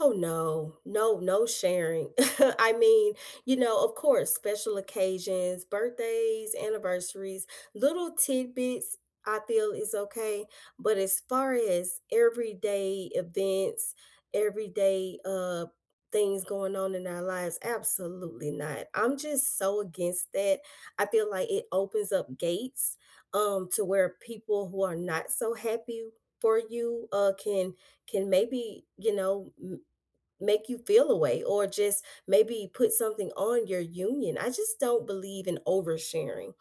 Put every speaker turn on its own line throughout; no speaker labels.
Oh, no. No, no sharing. I mean, you know, of course, special occasions: birthdays, anniversaries, little tidbits, I feel is okay, but as far as everyday events, everyday, uh, things going on in our lives, absolutely not. I'm just so against that, I feel like it opens up gates, um, to where people who are not so happy for you, uh, can can maybe, you know, m make you feel a way, or just maybe put something on your union, I just don't believe in oversharing.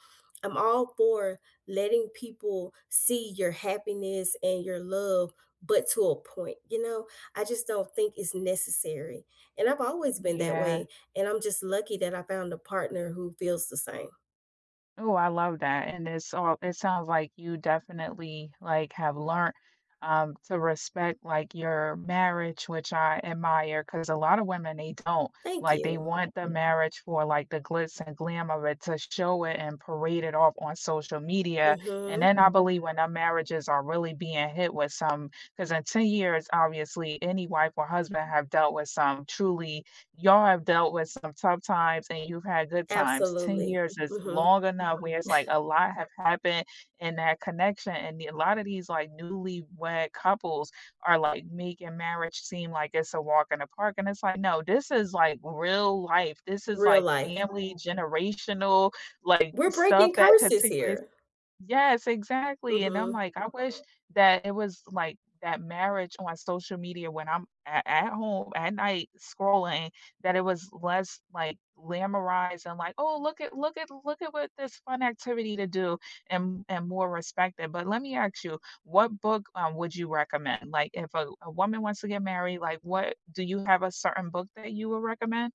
I'm all for letting people see your happiness and your love, but to a point, you know, I just don't think it's necessary, and I've always been that
Yeah.
way, and I'm just lucky that I found a partner who feels the same.
Oh, I love that and it's all it sounds like you definitely, like, have learned, um, to respect, like, your marriage, which I admire, 'cause a lot of women they don't,
Thank
like, they
you.
want the marriage for, like, the glitz and glam of it to show it and parade it off on social media, and
Mhm.
then I believe when our marriages are really being hit with some 'cause in 10 years, obviously any wife or husband have dealt with some truly y'all have dealt with some tough times and you've had good times. 10
Absolutely,
years is
mhm.
long enough where it's like, a lot have happened in that connection, and the a lot of these, like, newlywed couples are, like, making marriage seem like it's a walk in the park, and it's like, "No, this is, like, real life. This is,
Real
like,
life.
family generational, like,
We're
stuff
breaking
that
curses
particularly"
here.
Yes, exactly, and I'm
Mhm.
like, "I wish that it was, like, that marriage on social media when I'm at at home at night scrolling, that it was less, like, glamorized and, like, 'Oh, look at look at look at what this fun activity to do,' and and more respect it." But let me ask you, what book, um, would you recommend? Like, if a w a woman wants to get married, like, what do you have a certain book that you would recommend?